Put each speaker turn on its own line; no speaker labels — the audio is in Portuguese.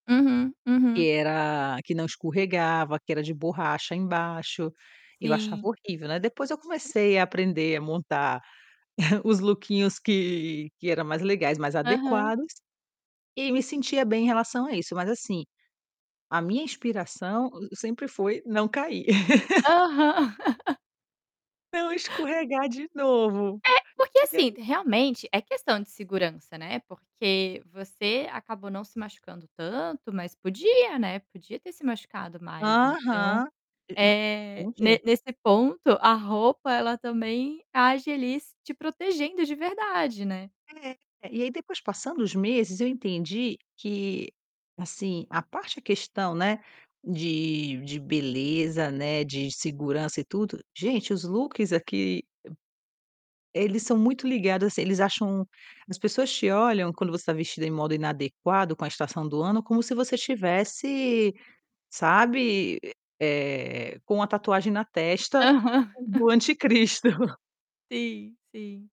Uhum, uhum.
Que era que não escorregava, que era de borracha embaixo, e eu achava
Sim.
horrível, né, depois eu comecei a aprender a montar, os lookinhos que que era mais legais, mais
Aham.
adequados, e me sentia bem em relação a isso. Mas, assim, a minha inspiração o sempre foi não cair.
Aham.
Não escorregar de novo.
É, porque,
E aí
assim, realmente é questão de segurança, né, porque você acabou não se machucando tanto mas podia, né, podia ter se machucado mais. Então,
Aham. E m
eh,
um
ne
je
nesse ponto, a roupa, ela também age ali te protegendo de verdade, né.
É. E aí depois passando os meses eu entendi que assim, a parte questão, né, de de beleza, né, de segurança e tudo, gente os looks aqui e eles são muito ligados assim, eles acham as pessoas te olham quando você tá vestida em modo inadequado com a estação do ano como se você estivesse, sabe, eh, com a tatuagem na testa,
Aham.
do anticristo.
Sim, sim.